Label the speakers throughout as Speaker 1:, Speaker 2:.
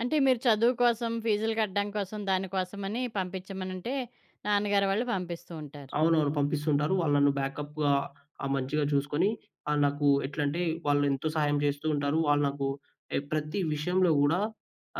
Speaker 1: అంటే, మీరు చదువు కోసం ఫీజులు కట్టడం కోసం, దాని కోసమని పంపిచ్చమనంటే, నాన్నగారి వాళ్ళు పంపిస్తూ ఉంటారు.
Speaker 2: అవునవును. పంపిస్తుంటారు. వాళ్ళు నన్ను బ్యాకప్‌గా ఆహ్, మంచిగా చూసుకొని, ఆహ్, నాకు ఎట్లంటే, వాళ్ళెంతో సహాయం చేస్తూ ఉంటారు. వాళ్ళు నాకు ఏ ప్రతి విషయంలో గూడా,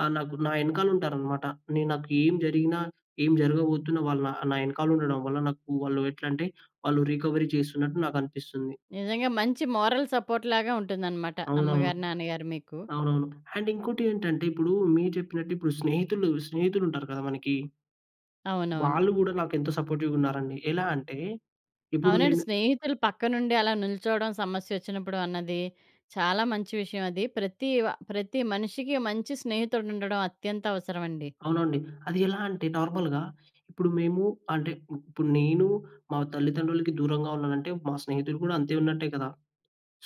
Speaker 2: ఆహ్, నాకు, నా ఎనకాలుంటారనమాట. నేను నాకు ఏం జరిగినా, ఏం జరగబోతున్నా వాళ్ళు నా ఆహ్, నా ఎనకాలుండడం వల్ల, నాకు వాళ్ళు ఎట్లంటే, వాళ్ళు రీకవరీ చేస్తున్నట్టు నాకనిపిస్తుంది.
Speaker 1: నిజంగా మంచి మోరల్ సపోర్ట్ లాగా ఉంటుందన్నమాట,
Speaker 2: అవునవును.
Speaker 1: అమ్మగారు, నాన్నగారు మీకు.
Speaker 2: అవునవును. అండ్ ఇంకోటి ఏంటంటే, ఇప్పుడు మీరు చెప్పినట్టు, ఇప్పుడు స్నేహితులు స్నేహితులుంటారు కదా మనకి!
Speaker 1: అవునవును.
Speaker 2: వాళ్ళు గూడా నాకెంత సపోర్టివ్‌గున్నారండి. ఎలా అంటే, ఇప్పుడు
Speaker 1: అవునండి.
Speaker 2: నేను
Speaker 1: స్నేహితులు పక్కనుండి అలా నిల్చోవడం సమస్యసొచ్చినప్పుడు అన్నది, చాలా మంచి విషయం అది. ప్రతీవ ప్రతి మనిషికి మంచి స్నేహితుడుండడం అత్యంత అవసరవండి.
Speaker 2: అవునండి. అది ఎలా అంటే, నార్మల్‌గా ఇప్పుడు మేము అంటే, ఇప్పుడు నేను మా తల్లిదండ్రులకి దూరంగా ఉన్నానంటే, మా స్నేహితులు కూడా అంతే ఉన్నట్టే కదా!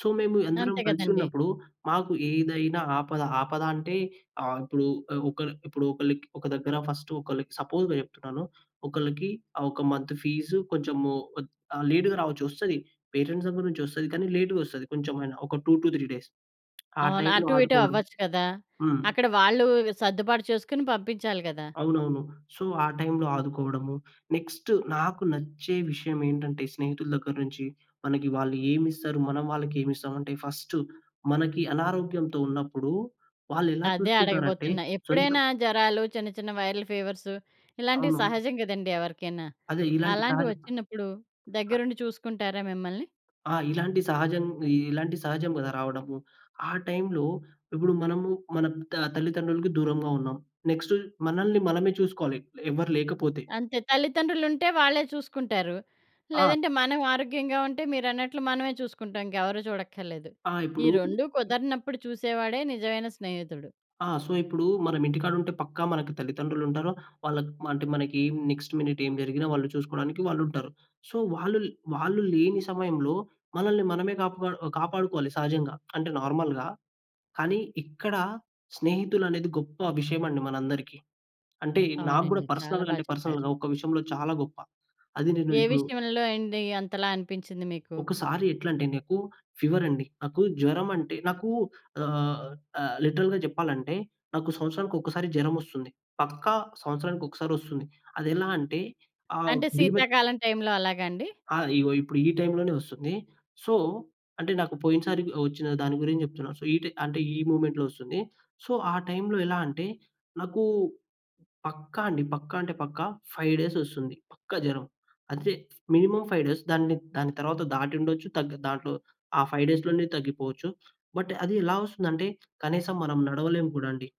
Speaker 2: సో, మేము ఎందరం
Speaker 1: అంతే కదండీ!
Speaker 2: కలిసున్నప్పుడు, మాకు ఏదైనా ఆపద, ఆపద అంటే, ఆహ్, ఇప్పుడు ఆహ్, ఒకళ్ళు ఇప్పుడు ఒకళ్ళకి ఒక దగ్గర ఫస్ట్ ఒకళ్ళకి సపోజ్‌గా చెప్తున్నాను. ఒకళ్ళకి ఆహ్, ఒక మంత్ ఫీజు కొంచెము ఒద్ ఆహ్, లేట్‌గా రావచ్చు. వస్తది. పేటెంట్స్ సంబంధించి వస్తది. కానీ, లేట్‌గ వస్తది కొంచెమైనా. ఒక 2-3 డేస్. ఆ
Speaker 1: అవును.
Speaker 2: టైంలో
Speaker 1: అటు, ఇటు
Speaker 2: ఆదుకోవడం.
Speaker 1: అవ్వచ్చు కదా!
Speaker 2: హ్మ్.
Speaker 1: అక్కడ వాళ్ళూ వి సద్దుబాటు చేసుకుని పంపించాలి కదా!
Speaker 2: అవునవును. సో, ఆ టైంలో ఆదుకోవడము. నెక్స్ట్ నాకు నచ్చే విషయమేంటంటే, స్నేహితుల దగ్గర నుంచి, మనకి వాళ్ళు ఏమిస్తరు, మనం వాళ్ళకేమిస్తాం అంటే ఫస్టు మనకి అనారోగ్యంతో ఉన్నప్పుడు, వాళ్ళెలా
Speaker 1: అదే
Speaker 2: చూసుకుంటారంటే
Speaker 1: అడగబోతున్నా.
Speaker 2: సొంత
Speaker 1: ఎప్పుడైనా జరాలు చిన్న, చిన్న వైరల్ ఫీవర్సు ఇలాంటివి
Speaker 2: అవును.
Speaker 1: సహజం కదండీ ఎవరికైనా!
Speaker 2: అదే! ఇలాంటి
Speaker 1: అలాంటి
Speaker 2: తాడు
Speaker 1: వొచ్చినప్పుడు, దగ్గరుండి చూసుకుంటారా మిమ్మల్ని?
Speaker 2: ఆ! ఇలాంటి సహజం ఇలాంటి సహజం కదా! రావడము. ఆ టైంలో ఇప్పుడు మనము మన త తల్లిదండ్రులకి దూరంగా ఉన్నాం. నెక్స్ట్ మనల్ని మనమే చూసుకోవాలి, ఎవ్వరు లేకపోతే.
Speaker 1: అంతే! తల్లితండ్రులుంటే వాళ్ళే చూసుకుంటారు.
Speaker 2: ఆ!
Speaker 1: లేదంటే మనం ఆరోగ్యంగా ఉంటే, మీరన్నట్లు మనవే చూసుకుంటాం. ఇంకెవరూ చూడక్కరలేదు.
Speaker 2: ఆ!
Speaker 1: ఈ
Speaker 2: ఇప్పుడు.
Speaker 1: 2 కుదరనప్పుడు చూసేవాడే నిజవైన స్నేహితుడు.
Speaker 2: ఆ! సో, ఇప్పుడు మనమింటికాడుంటే, పక్కా మనకి తల్లిదండ్రులుంటారు. వాళ్ళక్ మ అంటే మనకి నెక్స్ట్ మినిట్ ఏం జరిగినా వాళ్ళు చూసుకోడానికి వాళ్ళుంటారు. సో, వాళ్ళు వాళ్ళు లేని సమయంలో మనల్ని మనమే కాపా ఒ కాపాడుకోవాలి సహజంగా. అంటే, నార్మల్‌గా. కానీ, ఇక్కడ స్నేహితులనేది గొప్పవిషయమండి మనందరికీ. అంటే, నా‌కు గూడా
Speaker 1: అవునండి. చాలా
Speaker 2: పర్సనల్‌గా
Speaker 1: బా
Speaker 2: అంటే
Speaker 1: చెప్పారు.
Speaker 2: పర్సనల్‌గా, ఒక విషయంలో చాలా గొప్ప అది నేను
Speaker 1: ఏ
Speaker 2: ఇప్పుడు
Speaker 1: విషయంలో అయింది, అంతలా అనిపించింది మీకు?
Speaker 2: ఒకసారి ఎట్లంటే, నాకు ఫీవరండి. నాకు జ్వరమంటే నాకు ఆహ్, ఆహ్, లిటరల్‌గా జెప్పాలంటే, నాకు సంవత్సరానికొకసారి జరమొస్తుంది. పక్కా సంవత్సరానికొక్కసారొస్తుంది. అదేలా అంటే, ఆహ్,
Speaker 1: అంటే,
Speaker 2: బీభత్
Speaker 1: శీతాకాలం టైంలో అలాగాండి?
Speaker 2: ఆ! ఈగో. ఇప్పుడు ఈ టైంలోనే వస్తుంది. సో అంటే నాకు పోయినసారి వచ్చిన దాని గురించి జెప్తున్నాను. సో, ఈటె అంటే ఈ మూమెంట్‌లో వొస్తుంది. సో, ఆ టైంలో ఎలా అంటే, నాకూ పక్కా అండి. పక్కా అంటే పక్కా. 5 డేస్ వొస్తుంది. పక్కా జరం. అంటే మినిమమ్ 5 డేస్. దాన్ని‌ద్ దాని తరవాత, దాటి ఉండొచ్చు. తగ్గ దాంట్లో, ఆ 5 డేస్‌ లోనే తగ్గిపోవచ్చు. బట్, అది ఎలా వస్తుందంటే, కనీసం మనం నడవలేం కూడా అండి.